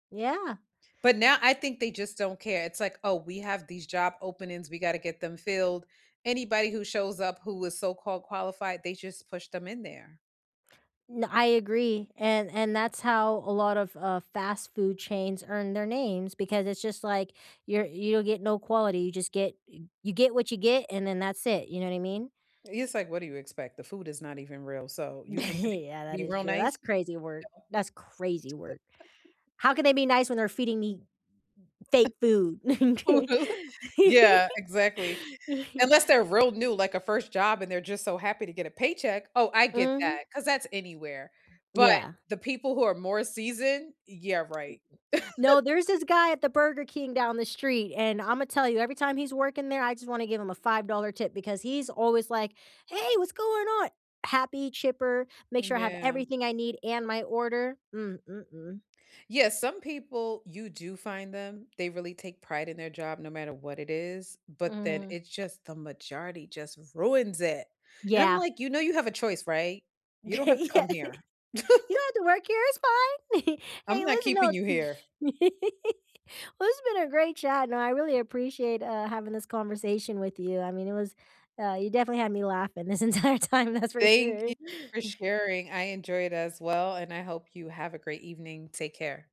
Yeah. But now I think they just don't care. It's like, "Oh, we have these job openings. We gotta get them filled." Anybody who shows up who was so-called qualified, they just pushed them in there. N I agree, and and that's how a lot of, uh, fast food chains earn their names, because it's just, like, you're you get no quality, you just get y you get what you get, and then that's it, you know what I mean? It's, like, "What do you expect? The food is not even real, so you think the people Yeah, that be is real true, that's nice. No." crazy work. That's crazy work. How can they be nice when they're feeding me fake food? Yeah, exactly, unless they're real new, like, a 1st job and they're just so happy to get a paycheck. Oh, I get Mhm. that, 'cause that's anywhere, but Yeah. the people who are more seasoned, yeah, right. No, there's this guy at the Burger King down the street, and Imma tell you, every time he's working there, I just wanna give him a $5 tip, because he's always like, "Hey, what's going on?" Happy, chipper, make sure I have Yeah. everything I need and my order. Mm mm mm. Yeah, some people, you do find them, they really take pride in their job no matter what it is, but then Mhm. it's just the majority just ruins it, and I'm, Yeah. like, "You know you have a choice, right? You Yeah, don't "You have to don't come here." have to work here, it's fine. I'm Hey, not listen, no" keeping you here. Well it's been a great chat, and I really appreciate, uh, having this conversation with you. I mean, it was, uh, you definitely had me laughing this entire time, that's for Thank sure. you for sharing. I enjoyed as well, and I hope you have a great evening. Take care.